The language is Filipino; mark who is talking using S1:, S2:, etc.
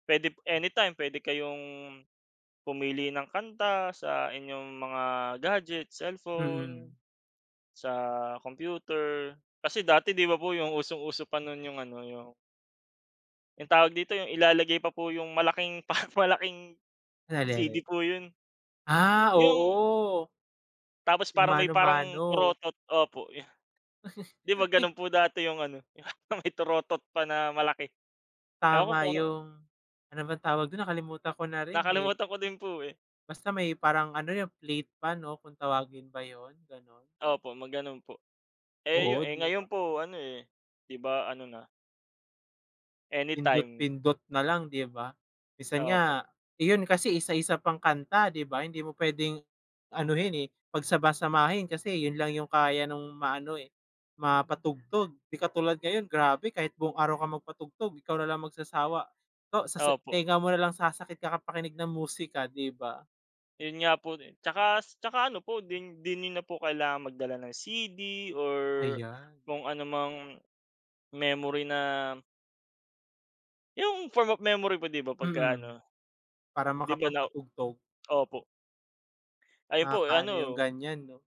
S1: Pwede anytime, pwede kayong pumili ng kanta sa inyong mga gadget,
S2: Mm.
S1: cellphone, sa computer. Kasi dati, di ba po yung usong-uso pa nun yung ano, yung yung tawag dito? Yung ilalagay pa po yung malaking parang malaking CD
S2: Nalele
S1: po yun.
S2: Ah,
S1: Yung
S2: oo.
S1: Tapos
S2: Yung
S1: parang may parang
S2: mano-mano.
S1: torotot. Opo, yu di ba ganun po dati yung ano, yung may torotot pa na malaki. Ewan ko
S2: Tama,
S1: kung ano
S2: yung ano bang tawag dun? Nakalimutan ko na rin, eh.
S1: Nakalimutan ko din po, eh.
S2: Basta may parang ano, yung plate pa 'no, kung tawagin ba yun? Ganun.
S1: Opo, ma-gano'n po. Eh, yu
S2: Oo,
S1: eh,
S2: di ba?
S1: ngayon po ano, eh, di ba, ano na anytime.
S2: Pindot-pindot na lang, di ba. Minsan
S1: Opo.
S2: nga yun kasi isa-isa pang kanta, di ba? Hindi mo pwedeng anohin, eh, pagsama-samahin kasi yun lang yung kaya nung maano, eh, mapatugtog. Di katulad ngayon, grabe, kahit buong araw kang magpatugtog, ikaw na lang magsasawa. So, sa sa
S1: Opo.
S2: tenga mo nalang sasakit kakapakinig ng musika, di ba?
S1: Yun nga po din. Tsaka s tsaka ano po, din di niyo na po kailangan magdala ng CD or
S2: Ayan.
S1: kung anumang memory na yung form of memory po, di ba, pagka
S2: Mm.
S1: ano.
S2: Para
S1: Di ba na
S2: makapagpatugtog.
S1: opo. Ayun po
S2: Nakaka-ano yung
S1: ano
S2: ganyan 'no?